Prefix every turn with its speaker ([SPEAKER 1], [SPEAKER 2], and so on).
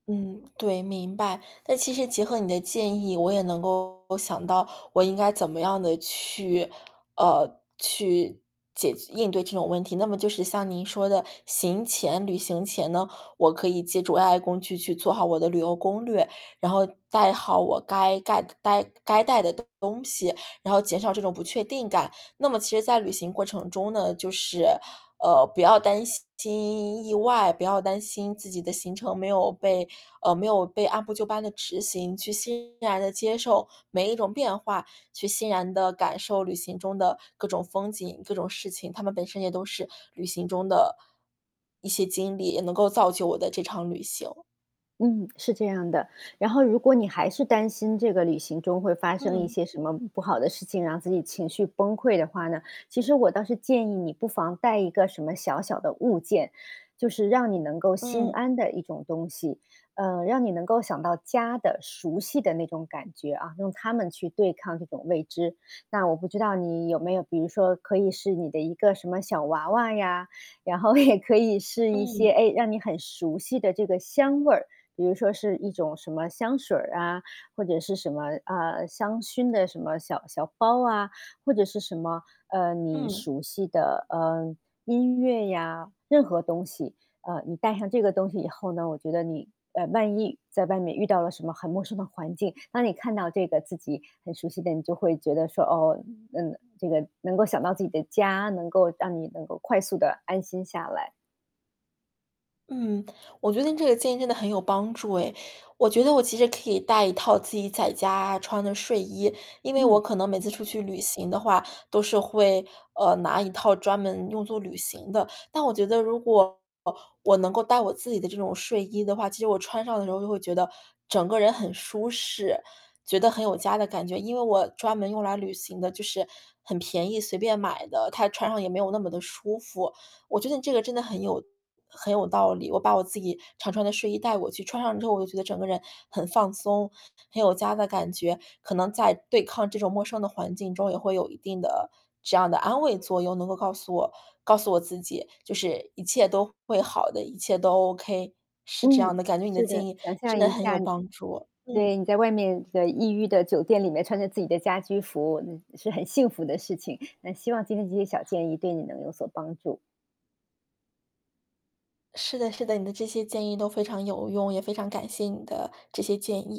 [SPEAKER 1] 嗯，对，明白。那其实结合你的建议，我也能够想到，我应该怎么样的去呃，去解应对这种问题。那么就是像您说的，行前旅行前呢，我可以借助 AI 工具去做好我的旅游攻略，然后带好我该盖的呆该带的东西，然后减少这种不确定感。那么其实在旅行过程中呢，就是，呃，不要担心意外，不要担心自己的行程没有被呃，没有被按部就班地执行，去欣然地接受每一种变化，去欣然地感受旅行中的各种风景、各种事情，它们本身也都是旅行中的，一些经历，也能够造就我的这场旅行。
[SPEAKER 2] 嗯，是这样的。然后如果你还是担心这个旅行中会发生一
[SPEAKER 1] 嗯。
[SPEAKER 2] 些什么不好的事情，让自己情绪崩溃的话呢，其实我倒是建议你不妨带一个什么小小的物件，就是让你能够心
[SPEAKER 1] 嗯。
[SPEAKER 2] 安的一种东西，呃，让你能够想到家的熟悉的那种感觉啊，用它们去对抗那种未知。那我不知道你有没有比如说可以是你的一个什么小娃娃呀，然后也可以是一些，
[SPEAKER 1] 嗯。
[SPEAKER 2] 哎，让你很熟悉的这个香味儿，比如说是一种什么香水儿啊，或者是什么，啊，香薰的什么小小包啊，或者是什么，呃，你
[SPEAKER 1] 嗯。
[SPEAKER 2] 熟悉的，呃，音乐呀，任何东西。呃，你带上这个东西以后呢，我觉得你，哎，万一在外面遇到了什么很陌生的环境，当你看到这个自己很熟悉的你就会觉得说，哦，嗯，这个能够想到自己的家，能够让你能够快速地安心下来。
[SPEAKER 1] 嗯，我觉得你这个建议真的很有帮助哎。我觉得我其实可以带一套自己在家穿的睡衣，因为我
[SPEAKER 2] 嗯。
[SPEAKER 1] 可能每次出去旅行的话都是会，呃，拿一套专门用做旅行的。但我觉得如果我能够带我自己的这种睡衣的话，其实我穿上的时候就会觉得，整个人很舒适，觉得很有家的感觉。因为我专门用来旅行的就是很便宜，随便买的，它穿上也没有那么地舒服。我觉得你这个真的很有很有道理，我把我自己常穿的睡衣带过去，穿上之后我就觉得整个人很放松，很有家的感觉。可能在对抗这种陌生的环境中，也会有一定的这样的安慰作用，能够告诉我告诉我自己，就是一切都会好的，一切都 OK。是这
[SPEAKER 2] 嗯，
[SPEAKER 1] 样的，感觉你的
[SPEAKER 2] 是的。
[SPEAKER 1] 建议
[SPEAKER 2] 想
[SPEAKER 1] 真
[SPEAKER 2] 象
[SPEAKER 1] 的
[SPEAKER 2] 一
[SPEAKER 1] 很有
[SPEAKER 2] 下你
[SPEAKER 1] 帮助。嗯。
[SPEAKER 2] 对，你在外面的异域的酒店里面穿着自己的家居服，那是很幸福的事情。那希望今天这些小建议会你有所帮助。
[SPEAKER 1] 是的是的，你的这些建议都非常有用，也非常感谢你的这些建议。